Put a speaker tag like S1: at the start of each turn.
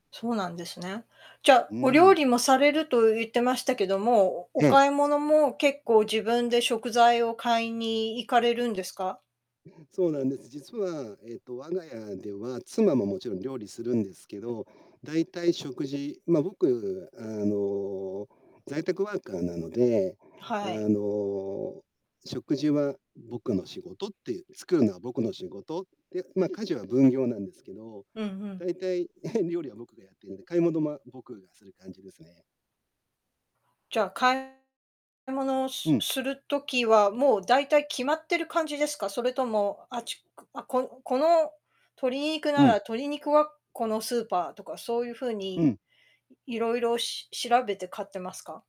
S1: そうなんですね。じゃ、
S2: う
S1: お
S2: ー
S1: 料
S2: ん。
S1: 理もされると言ってましたけども、おお
S2: ええ。
S1: 買い物も結構自分で食材を買いに行かれるんですか？
S2: そうなんです。実は、えっと、我が家では、妻ももちろん料理するんですけど、大体、食事ま、僕、あの、在宅ワーカーなので、あ
S1: はい。
S2: の、食事は僕の仕事って、作るのは僕の仕事って、ま、家事は分業なんですけど、
S1: うんうん。
S2: 大体、料理は僕がやってんで、買い物、ま、僕がする感じですね。
S1: じゃ、買い物を
S2: う
S1: す
S2: ん。
S1: する時は、もう大体決まってる感じですか？それとも、あっち、くあ、ここの鶏肉な
S2: う
S1: ら
S2: ん。
S1: 鶏肉はこのスーパーとかそういう風
S2: う
S1: に、
S2: ん。
S1: いろいろし調べて買ってますか？